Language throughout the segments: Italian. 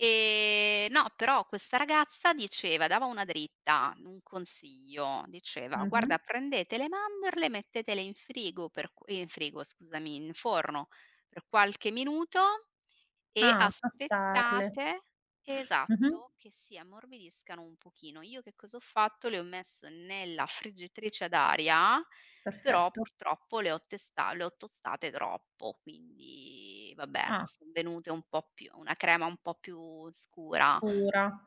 E, no, però questa ragazza diceva dava una dritta, un consiglio. Diceva: "Guarda, Mh-mh. prendete le mandorle, mettetele in frigo per", eh, in frigo, scusami, "in forno per qualche minuto e Ah, tostarle. aspettate", Mh-mh. esatto, "che si ammorbidiscano un pochino." Io che cosa ho fatto? Le ho messe nella friggitrice ad aria, però, Perfetto. purtroppo, le ho testa le ho tostate troppo, quindi vabbè, Ah. son venute un po' più una crema un po' più scura. Scura.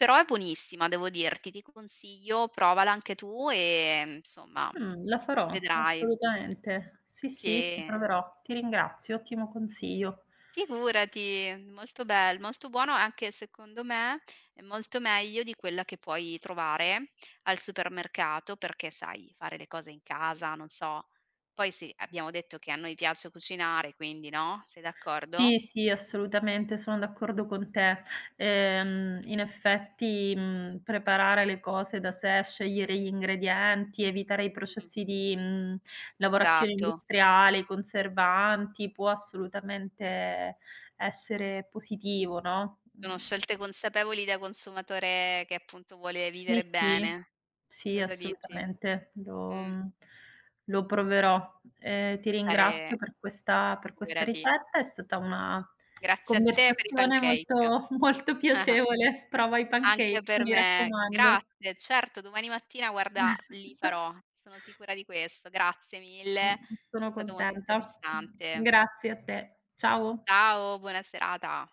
Però è buonissima, devo dirti. Ti consiglio, provala anche tu, ehm, insomma, Mh, la farò, vedrai assolutamente. Sì, sì, ci che proverò. Ti ringrazio, ottimo consiglio. Figurati, molto bel molto buono, anche secondo me, è molto meglio di quella che puoi trovare al supermercato perché, sai, fare le cose in casa, non so. Poi, sì, abbiamo detto che a noi piace cucinare, quindi, no, sei d'accordo? Sì, sì, assolutamente, sono d'accordo con te. Ehm, in effetti, mhmm, preparare le cose da sé, scegliere gli ingredienti, evitare i Mh-mh. processi di, mhmm, lavorazione Esatto. industriale, i conservanti, può, assolutamente, essere positivo, no. Sono Mh. scelte consapevoli da consumatore che, appunto, vuole Sì, vivere sì. bene. Sì, Cosa dici? assolutamente. Lo, Mh. mhmm, lo proverò. Ehm, ti ringrazio Fare per questa per questa figurati. ricetta. È stata una Grazie a te per i conversazione pancake. molto molto piacevole. Prova i Anche pancakes, per mi me. raccomando. Grazie. Certo, domani mattina, guarda, li farò. Sono sicura di questo. Grazie mille. È Mh-mh, sono stato molto contenta. Mh, interessante. grazie a te. Ciao. Ciao, buona serata!